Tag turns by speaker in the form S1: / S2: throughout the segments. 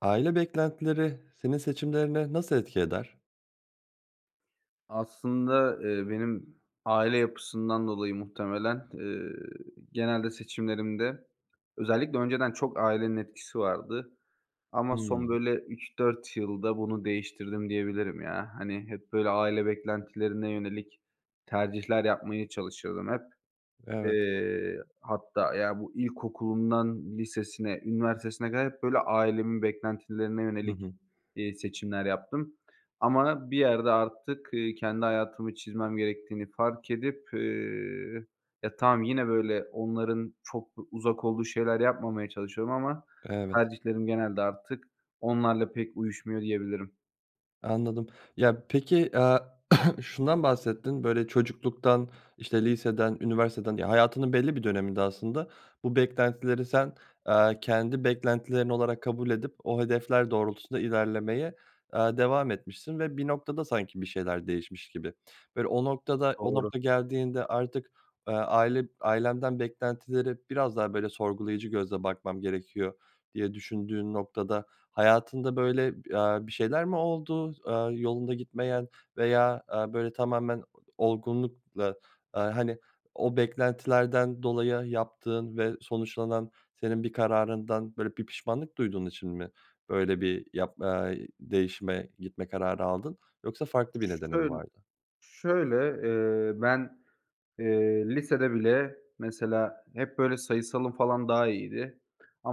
S1: Aile beklentileri senin seçimlerine nasıl etki eder?
S2: Aslında, eee, benim aile yapısından dolayı muhtemelen, eee, genelde seçimlerimde özellikle önceden çok ailenin etkisi vardı. Ama son,
S1: Hımm.
S2: böyle, 3-4 yılda bunu değiştirdim diyebilirim ya. Hani, hep, böyle, aile beklentilerine yönelik tercihler yapmaya çalışıyordum hep.
S1: Evet.
S2: Eee, hatta ya, bu ilkokulundan lisesine, üniversitesine kadar hep, böyle, ailemin beklentilerine
S1: Hı
S2: yönelik,
S1: hı.
S2: iii, seçimler yaptım. Ama bir yerde artık, ııı, kendi hayatımı çizmem gerektiğini fark edip, eee, ya, tamam yine, böyle, onların çok da uzak olduğu şeyler yapmamaya çalışıyorum ama
S1: Evet.
S2: tercihlerim genelde artık onlarla pek uyuşmuyor, diyebilirim.
S1: Anladım. Ya, peki, aaa, şundan bahsettin, böyle, çocukluktan, işte, liseden üniversiteden ya, hayatının belli bir döneminde aslında bu beklentileri sen, eee, kendi beklentilerin olarak kabul edip o hedefler doğrultusunda ilerlemeye, aaa, devam etmişsin ve bir noktada sanki bir şeyler değişmiş gibi. Böyle, o noktada, o
S2: Doğru.
S1: nokta geldiğinde artık, aaa, aile ailenden beklentilere biraz daha, böyle, "Sorgulayıcı gözle bakmam gerekiyor." diye düşündüğün noktada, hayatında, böyle, b eee, bir şeyler mi oldu? Aaa, yolunda gitmeyen veya, eee, böyle tamamen o olgunlukla, eee, hani, o beklentilerden dolayı yaptığın ve sonuçlanan senin bir kararından, böyle, bir pişmanlık duyduğun için mi, böyle, bir yapmaya, değişime gitme kararı aldın? Yoksa farklı bir
S2: Ş
S1: nedenimi
S2: şöyl
S1: vardı?
S2: şöyle, eee, ben, eee, lisede bile mesela hep, böyle, sayısalım falan daha iyiydi.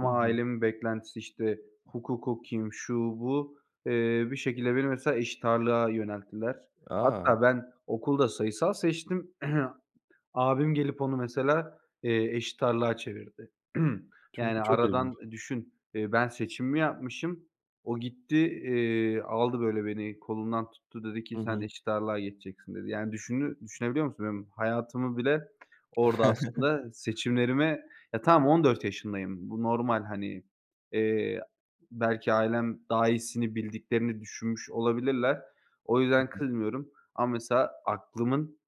S1: Hı hı.
S2: ailemin beklentisi, işte, hukuk okuyayım, şu, bu, eee, bir şekilde beni mesela eşit ağırlığa yönelttiler.
S1: A!
S2: Hatta ben okulda sayısal seçtim. Abim gelip onu mesela, eee, eşit ağırlığa çevirdi.
S1: Ço
S2: Yani,
S1: bu çok ilginç.
S2: aradan düşün, ııı, ben seçimimi yapmışım, o gitti, iii, aldı, böyle, beni kolumdan tuttu dedi ki,
S1: Hı
S2: "Sen
S1: hı.
S2: eşit ağırlığa geçeceksin." dedi. Yani, düşünü düşünebiliyor musun benim hayatımı bile orada aslında seçimlerime Ya, tamam 14 yaşındayım, bu normal, hani, eee, belki ailem daha iyisini bildiklerini düşünmüş olabilirler. O yüzden
S1: [unintelligible]
S2: kızmıyorum ama mesela aklımın,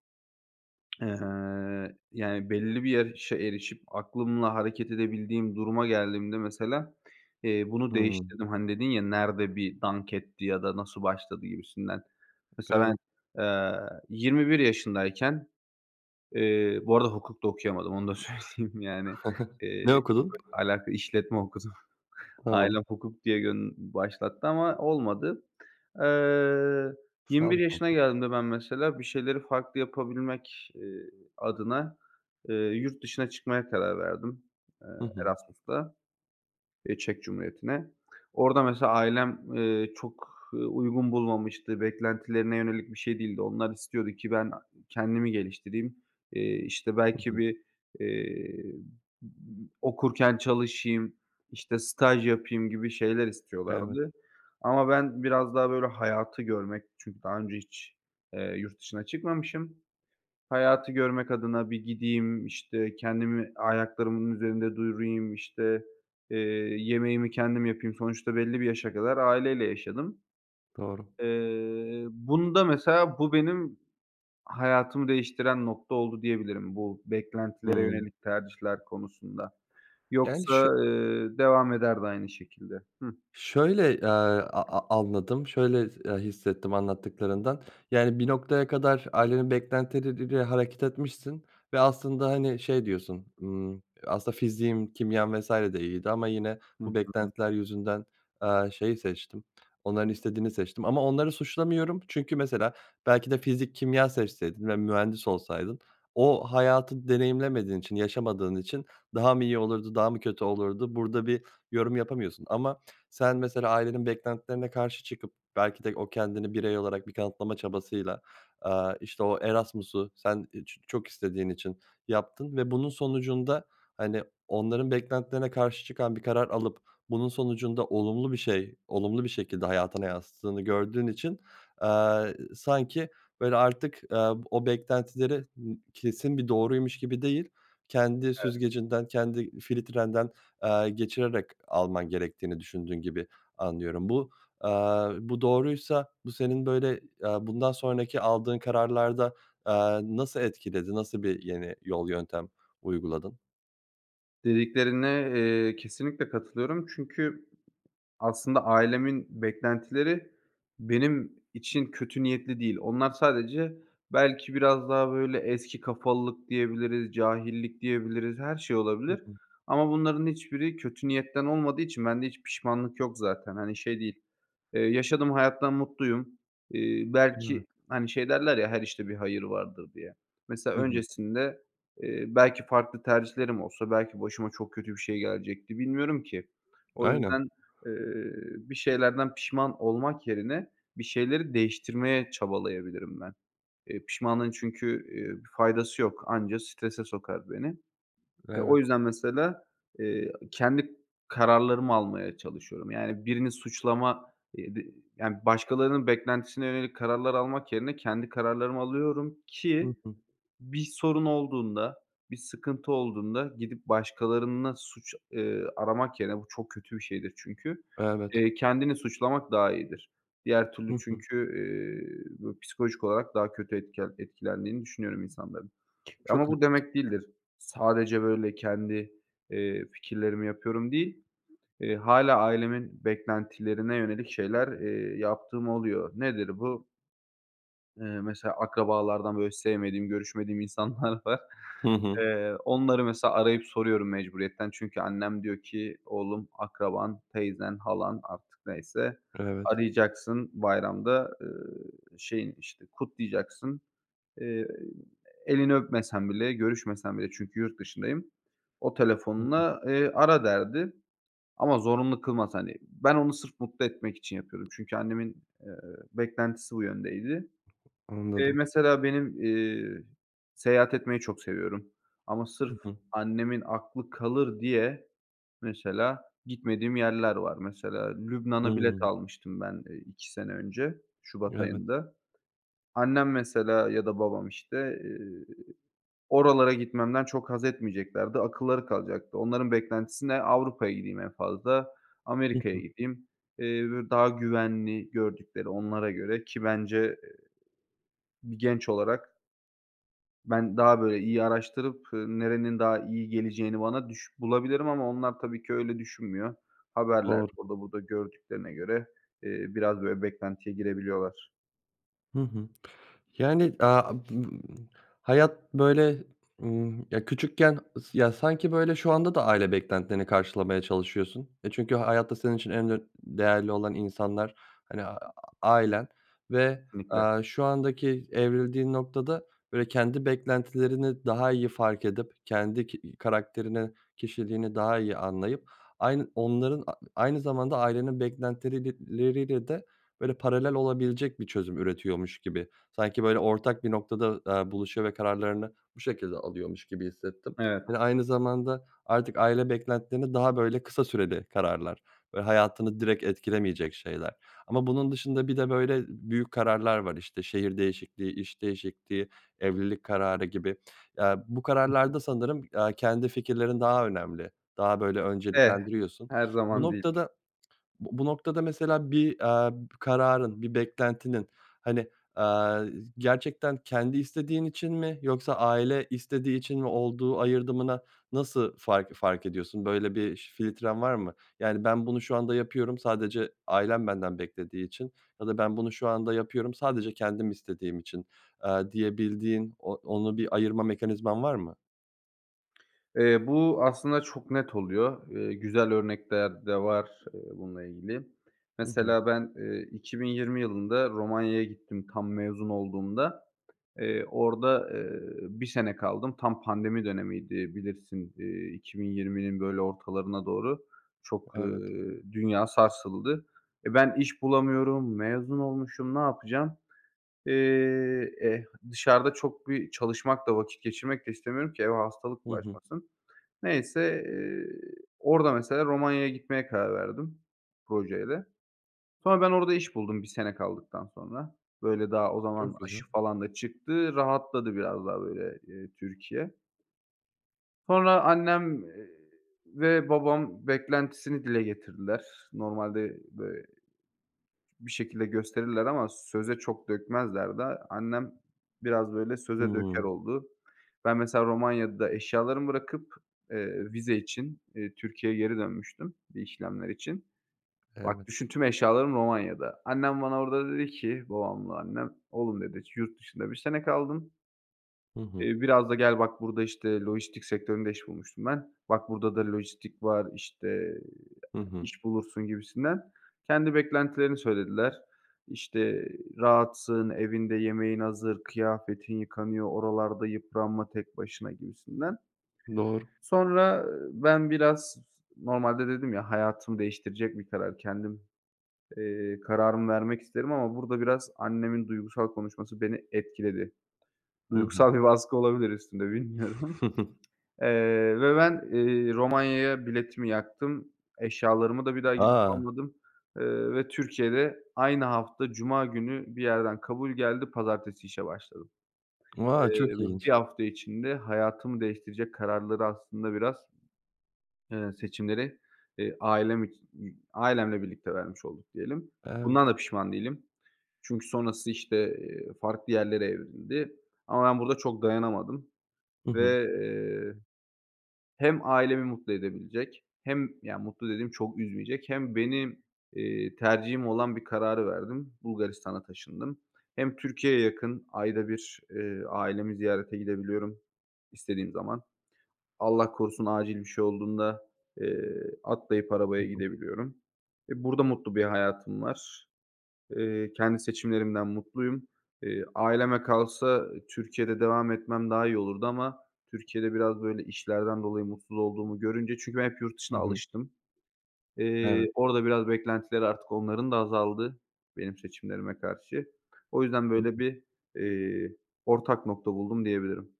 S2: ııı, yani, belli bir yaşa erişip aklımla hareket edebildiğim duruma geldiğimde mesela, eee, bunu
S1: Hımm.
S2: değiştirdim. Hani, dedin ya, "Nerede bir dank etti?" ya da "Nasıl başladı?" gibisinden. Mesela ben,
S1: Evet.
S2: eee, 21 yaşındayken Eee, bu arada hukuk da okuyamadım, onu da söyleyeyim, yani.
S1: Ne
S2: Iıı, çok
S1: okudun?
S2: alaka işletme okudum.
S1: Tamam.
S2: Ailem hukuk diye gön başlattı ama olmadı. Eee, 21
S1: Sağlık
S2: yaşına
S1: olsun.
S2: geldiğimde ben mesela bir şeyleri farklı yapabilmek, eee, adına, eee, yurt dışına çıkmaya karar verdim, eee,
S1: Hı hı.
S2: Erasmus'ta, eee, Çek Cumhuriyeti'ne. Orada mesela ailem, eee, çok, ııı, uygun bulmamıştı, beklentilerine yönelik bir şey değildi. Onlar istiyordu ki, ben a kendimi geliştireyim, eee, işte,
S1: Hı
S2: belki
S1: hı.
S2: bir, eee, m m okurken çalışayım, işte, staj yapayım gibi şeyler
S1: Evet.
S2: istiyorlardı, ama ben biraz daha böyle hayatı görmek çünkü daha önce hiç, eee, yurt dışına çıkmamışım, hayatı görmek adına bir gideyim, işte, kendimi ayaklarımın üzerinde durayım, işte, eee, yemeğimi kendim yapayım. Sonuçta belli bir yaşa kadar aileyle yaşadım.
S1: Doğru.
S2: Eee, bunda mesela bu benim hayatımı değiştiren nokta oldu, diyebilirim. Bu beklentilere
S1: Hımm.
S2: yönelik tercihler konusunda.
S1: Yani
S2: Yoksa,
S1: şö
S2: eee, devam ederdi aynı şekilde. Hıh?
S1: şöyle, eee, a a anladım, şöyle s eee, his hissettim anlattıklarından, yani, bir noktaya kadar ailenin beklentileri ile hareket etmişsin ve aslında, hani, şey diyorsun, ımm, "Aslında fiziğim, kimyam vs. de iyiydi ama yine
S2: Hı
S1: bu
S2: hı.
S1: beklentiler yüzünden, eee, şeyi seçtim, onların istediğini seçtim ama onları suçlamıyorum." Çünkü mesela belki de fizik kimya seçseydin ve mühendis olsaydın o hayatı deneyimlemediğin için yaşamadığın için daha mı iyi olurdu, daha mı kötü olurdu burada bir yorum yapamıyorsun ama sen mesela ailenin beklentilerine karşı çıkıp belki de o kendini birey olarak bir kanıtlama çabasıyla, aaa, işte, o Erasmus'u sen i ç çok istediğin için yaptın ve bunun sonucunda, hani, onların beklentilerine karşı çıkan bir karar alıp bunun sonucunda olumlu bir şey, olumlu bir şekilde hayatına yansıttığını gördüğün için, aaa, s sanki, böyle, artık, aaa, o beklentileri n kesin bir doğruymuş gibi değil kendi
S2: Evet.
S1: süzgecinden kendi filtrenden, aaa, geçirerek alman gerektiğini düşündüğün gibi anlıyorum. Bu, aaa, bu doğruysa bu senin, böyle, aaa, bundan sonraki aldığın kararlarda, aaa, nasıl etkiledi? Nasıl bir yeni yol, yöntem uyguladın?
S2: Dediklerine, eee, kesinlikle katılıyorum çünkü aslında ailemin beklentileri benim için kötü niyetli değil. Onlar sadece belki biraz daha, böyle, eski kafalılık diyebiliriz, cahillik diyebiliriz, her şey
S1: Hı
S2: olabilir
S1: hı.
S2: ama bunların hiçbiri kötü niyetten olmadığı için bende hiç pişmanlık yok zaten. Hani, şey değil, eee, yaşadığım hayattan mutluyum. Eee, belki,
S1: Evet.
S2: hani, şey derler ya, her işte bir hayır vardır, diye. Mesela,
S1: Hı hı.
S2: öncesinde, eee, belki farklı tercihlerim olsa belki başıma çok kötü bir şey gelecekti, bilmiyorum ki. O yüzden,
S1: Aynen.
S2: eee, bir şeylerden pişman olmak yerine, bir şeyleri değiştirmeye çabalayabilirim ben. Eee, pişmanlığın çünkü, eee, bir faydası yok, anca strese sokar beni. Eee, o
S1: Evet.
S2: yüzden mesela, eee, kendi kararlarımı almaya çalışıyorum, yani, birini suçlama, eee, dı yani, başkalarının beklentisine yönelik kararlar almak yerine kendi kararlarımı alıyorum
S1: Hı
S2: ki
S1: hı.
S2: bir sorun olduğunda, bir sıkıntı olduğunda gidip başkalarında suç, eee, aramak yerine, bu çok kötü bir şeydir çünkü,
S1: Evet.
S2: eee, kendini suçlamak daha iyidir. Diğer türlü
S1: Hı hı.
S2: çünkü, eee, bö psikolojik olarak daha kötü etkel etkilendiğini düşünüyorum insanların.
S1: Çok
S2: Ama bu
S1: haklısın.
S2: demek değildir, sadece, böyle, kendi, eee, fikirlerimi yapıyorum değil, eee, hâlâ ailemin beklentilerine yönelik şeyler, eee, yaptığım oluyor. Nedir bu? Eee, mesela akrabalardan, böyle, sevmediğim, görüşmediğim insanlar var.
S1: Hı hı.
S2: Eee, onları mesela arayıp soruyorum mecburiyetten çünkü annem diyor ki "Oğlum, akraban, teyzen, halan, artık neyse,
S1: Evet.
S2: arayacaksın, bayramda, ııı, şeyini, işte, kutlayacaksın." Eee, elini öpmesen bile, görüşmesen bile, çünkü yurt dışındayım, o
S1: Hı hı.
S2: telefonla, eee, ara derdi. Ama zorunlu kılmaz, hani, ben onu sırf mutlu etmek için yapıyorum çünkü annemin, eee, beklentisi bu yöndeydi. Eee,
S1: Anladım.
S2: mesela benim, eee, seyahat etmeyi çok seviyorum ama
S1: Hı
S2: sırf
S1: hı.
S2: annemin aklı kalır diye, mesela, gitmediğim yerler var. Mesela Lübnan'a bilet
S1: Hımm.
S2: almıştım ben, eee, 2 sene önce, şubat
S1: Evet.
S2: ayında. Annem mesela ya da babam, işte, eee, oralara gitmemden çok haz etmeyeceklerdi, akılları kalacaktı. Onların beklentisi ne? Avrupa'ya gideyim en fazla,
S1: Hı
S2: Amerika'ya
S1: hı.
S2: gideyim. Eee, [unintelligible] daha güvenli gördükleri onlara göre, ki bence, eee, bir genç olarak ben daha, böyle, iyi araştırıp, eee, nerenin daha iyi geleceğini bana düş bulabilirim ama onlar tabii ki öyle düşünmüyor. Haberlerde,
S1: Doğru.
S2: orada burada gördüklerine göre, eee, biraz böyle beklentiye girebiliyorlar.
S1: Hı hı, yani, aaa, a [unintelligible] hayat, böyle, ımm Ya, küçükken ıs ya, sanki, böyle, şu anda da aile beklentilerini karşılamaya çalışıyorsun. E, çünkü hayatta senin için en ön değerli olan insanlar, hani, aaa, ailen ve,
S2: Kesinlikle.
S1: aaa, şu andaki evrildiğin noktada, böyle, kendi beklentilerini daha iyi fark edip, kendi ki iii, karakterini, kişiliğini daha iyi anlayıp aynı onların a aynı zamanda ailenin beklentileriyle de, böyle, paralel olabilecek bir çözüm üretiyormuş gibi, sanki, böyle, ortak bir noktada, aaa, buluşuyor ve kararlarını bu şekilde alıyormuş gibi hissettim.
S2: Evet.
S1: Hani, aynı zamanda artık aile beklentilerini daha, böyle, kısa süreli kararlar ve hayatını direkt etkilemeyecek şeyler ama bunun dışında bir de, böyle, büyük kararlar var, işte, şehir değişikliği, iş değişikliği, evlilik kararı gibi. Aaa, bu kararlarda
S2: [unintelligible]
S1: sanırım, aaa, kendi fikirlerin daha önemli, daha, böyle,
S2: Eh.
S1: önceliklendiriyorsun.
S2: Her
S1: Bu
S2: zaman değil.
S1: noktada Bu bu noktada mesela bir, aaa, b kararın, bir beklentinin, hani, aaa, z gerçekten kendi istediğin için mi yoksa aile istediği için mi olduğu ayırdına nasıl fark fark ediyorsun? Böyle bir ş filtren var mı? Yani, "Ben bunu şu anda yapıyorum, sadece ailem benden beklediği için." ya da "Ben bunu şu anda yapıyorum sadece kendim istediğim için." aaa, diyebildiğin, o onu bir ayırma mekanizman var mı?
S2: Eee, bu aslında çok net oluyor. Iıı, güzel örnekler de var, ııı, bununla ilgili.
S1: Hı hı.
S2: Mesela ben, ııı, 2020 yılında Romanya'ya gittim tam mezun olduğumda. Eee, orada, ııı, 1 sene kaldım. Tam pandemi dönemiydi bilirsin, iii, 2020'nin böyle ortalarına doğru çok,
S1: Evet.
S2: ııı, dünya sarsıldı. E, ben iş bulamıyorum, mezun olmuşum. Ne yapacağım? Eee, eee, dışarıda çok bir çalışmak da vakit geçirmek de istemiyorum ki eve hastalık
S1: Hı hı.
S2: bulaşmasın. Neyse, eee, orada mesela Romanya'ya gitmeye karar verdim, projeyle. Sonra ben orada iş buldum, 1 sene kaldıktan sonra. Böyle, daha o zaman
S1: Çok güzel.
S2: aşı falan da çıktı, rahatladı biraz daha böyle, ııı, Türkiye. Sonra annem, eee ve babam beklentisini dile getirdiler. Normalde bö bir şekilde gösterirler ama söze çok dökmezler de annem biraz, böyle, söze döker
S1: Hıı.
S2: oldu. Ben mesela Romanya'da eşyalarımı bırakıp, eee, vize için, iii, Türkiye'ye geri dönmüştüm, bir işlemler için. Bak,
S1: Evet.
S2: düşün tüm eşyalarım Romanya'da. Annem bana orada dedi ki, babamla annem, oğlum dedi, yurt dışında 1 sene kaldın
S1: Hı hı.
S2: eee, biraz da gel bak burada, işte, lojistik sektöründe iş bulmuştum ben, "Bak burada da lojistik var, işte, eee,
S1: Hı hı.
S2: iş bulursun." gibisinden. Kendi beklentilerini söylediler. İşte, "Rahatsın, evinde yemeğin hazır, kıyafetin yıkanıyor, oralarda yıpranma tek başına." gibisinden.
S1: Doğru.
S2: Sonra, ııı, ben biraz z normalde dedim ya, hayatımı değiştirecek bir karar, kendim, eee, kararımı vermek isterim ama burada biraz annemin duygusal konuşması beni etkiledi.
S1: Hı hı.
S2: Duygusal bir baskı olabilir üstümde, bilmiyorum. Eee ve ben, ııı, Romanya'ya biletimi yaktım, eşyalarımı da bir daha gidip
S1: A!
S2: almadım, ııı ve Türkiye'de aynı hafta cuma günü bir yerden kabul geldi, pazartesi işe başladım. Eee,
S1: A! Çok
S2: ve bir
S1: ilginç.
S2: hafta içinde hayatımı değiştirecek kararları aslında biraz eee, seçimleri, eee, ailem içi [unintelligible] ailemle birlikte vermiş olduk diyelim. Bundan
S1: Evet.
S2: da pişman değilim. Çünkü sonrası, işte, eee, farklı yerlere evrildi. Ama ben burada çok dayanamadım
S1: Hı hı.
S2: ve, eee, hem ailemi mutlu edebilecek hem, yani, mutlu dediğim çok üzmeyecek hem benim, iii, tercihim olan bir kararı verdim, Bulgaristan'a taşındım. Hem Türkiye'ye yakın, ayda 1, ııı, ailemi ziyarete gidebiliyorum istediğim zaman. Allah korusun acil bir şey olduğunda, eee, atlayıp
S1: Hı
S2: arabaya
S1: hı.
S2: gidebiliyorum. E, burada mutlu bir hayatım var. Iıı, kendi seçimlerimden mutluyum. Eee, aileme kalsa Türkiye'de devam etmem daha iyi olurdu ama Türkiye'de biraz böyle işlerden dolayı mutsuz olduğumu görünce çünkü ben hep yurt
S1: Hı
S2: dışına
S1: hı.
S2: alıştım.
S1: Evet.
S2: Eee, orada biraz beklentileri artık onların da azaldı benim seçimlerime karşı. O yüzden
S1: Hı
S2: böyle
S1: hı.
S2: bir, eee, ortak nokta buldum diyebilirim.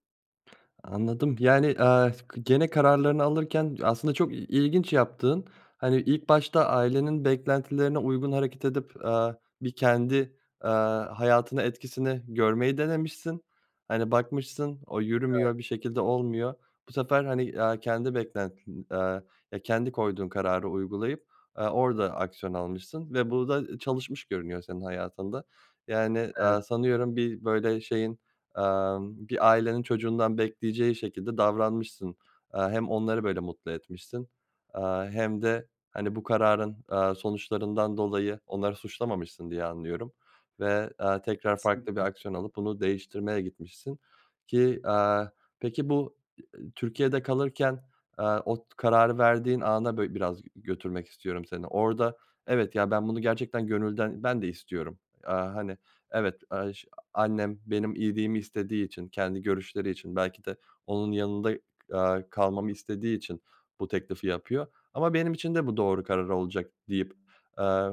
S1: Anladım, yani, eee, s gene kararlarını alırken aslında çok i ilginç yaptığın, hani, ilk başta ailenin beklentilerine uygun hareket edip, aaa, bir kendi, aaa, hayatına etkisini görmeyi denemişsin. Hani, bakmışsın, o
S2: Evet.
S1: yürümüyor, bir şekilde olmuyor. Bu sefer, hani, aaa, kendi beklentin, aaa, ya, kendi koyduğun kararı uygulayıp, aaa, orada aksiyon almışsın ve bu da çalışmış görünüyor senin hayatında. Yani, aaa,
S2: Evet.
S1: sanıyorum bir böyle şeyin, emm, bir ailenin çocuğundan bekleyeceği şekilde davranmışsın. Aaa, hem onları böyle mutlu etmişsin, aaa, hem de, hani, bu kararın, aaa, sonuçlarından dolayı onları suçlamamışsın diye anlıyorum. Ve, aaa, tekrar farklı bir
S2: Kesinlikle.
S1: aksiyon alıp bunu değiştirmeye gitmişsin ki, aaa, peki bu i e Türkiye'de kalırken, aaa, o t kararı verdiğin ana bö biraz g götürmek istiyorum seni. Orada evet, ya, ben bunu gerçekten gönülden ben de istiyorum. Aaa, hani, evet aş annem benim iyiliğimi istediği için kendi görüşleri için belki de onun yanında, aaa, kalmamı istediği için bu teklifi yapıyor ama benim için de bu doğru karar olacak deyip, aaa,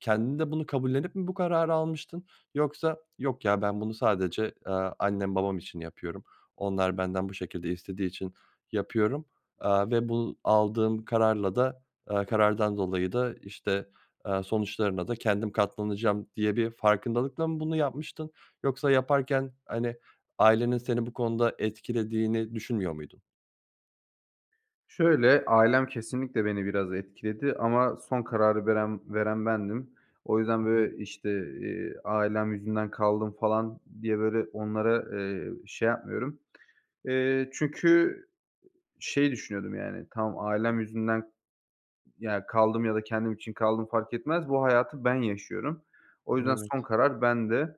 S1: kendin de bunu kabullenip mi bu kararı almıştın? Yoksa yok ya ben bunu sadece, aaa, annem babam için yapıyorum onlar benden bu şekilde istediği için yapıyorum. Aaa, ve bu aldığım kararla da, eee, karardan dolayı da işte, aaa, sonuçlarına da kendim katlanacağım diye bir farkındalıkla mı bunu yapmıştın yoksa yaparken, hani, ailenin seni bu konuda etkilediğini düşünmüyor muydun?
S2: Şöyle, ailem kesinlikle beni biraz etkiledi. Ama son kararı veren veren bendim. O yüzden
S1: Hı hı.
S2: böyle, işte, eee, ailem yüzünden kaldım falan diye böyle onlara, eee, şey yapmıyorum. Eee, çünkü, ııı, şey, düşünüyordum, yani. Tamam, ailem yüzünden, ımm, ya, kaldım ya da kendim için kaldım fark etmez, bu hayatı ben yaşıyorum. O yüzden son
S1: Evet.
S2: karar bende.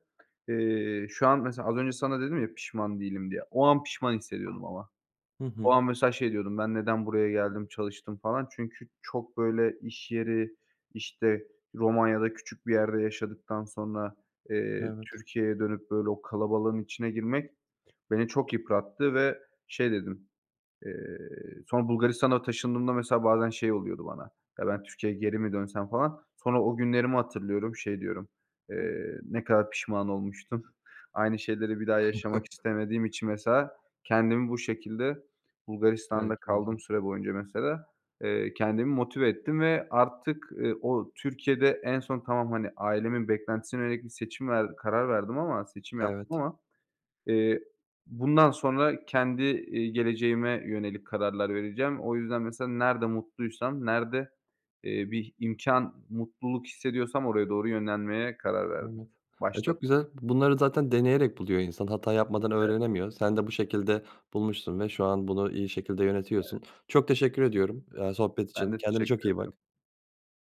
S2: Eee, şu an mesela az önce sana dedim ya "Pişman değilim." diye. O an pişman hissediyordum ama.
S1: Hı
S2: O
S1: hı.
S2: an mesela şey diyordum: "Ben neden buraya geldim, çalıştım?" falan çünkü çok, böyle, iş yeri, işte, Romanya'da küçük bir yerde yaşadıktan sonra, eee,
S1: Evet.
S2: Türkiye'ye dönüp böyle o kalabalığın içine girmek beni çok yıprattı ve şey dedim; eee, sonra Bulgaristan'a taşındığımda, mesela, bazen şey oluyordu bana: "Ya, ben Türkiye'ye geri mi dönsem?" falan. Sonra o günlerimi hatırlıyorum, şey diyorum, eee, ne kadar pişman olmuştum. Aynı şeyleri bir daha yaşamak hiç istemediğim için mesela kendimi bu şekilde, Bulgaristan'da kaldım
S1: [unintelligible]
S2: süre boyunca mesela, eee, kendimi motive ettim ve artık, ııı, o Türkiye'de en son tamam, hani, ailemin beklentisine yönelik bir seçim ver karar verdim ama seçim yaptım
S1: Evet.
S2: ama, eee, bundan sonra kendi, eee, geleceğime yönelik kararlar vereceğim. O yüzden mesela nerede mutluysam, nerede, eee, bir imkân, mutluluk hissediyorsam oraya doğru yönlenmeye karar verdim.
S1: Evet. E,
S2: Başladım.
S1: çok güzel. Bunları zaten deneyerek buluyor insan, hata yapmadan
S2: Evet.
S1: öğrenemiyor. Sen de bu şekilde bulmuşsun ve şu an bunu iyi şekilde yönetiyorsun.
S2: Evet.
S1: Çok teşekkür ediyorum, aaa, sohbet
S2: Ben
S1: için.
S2: de
S1: Kendine çok
S2: teşekkür
S1: iyi
S2: ederim.
S1: bak.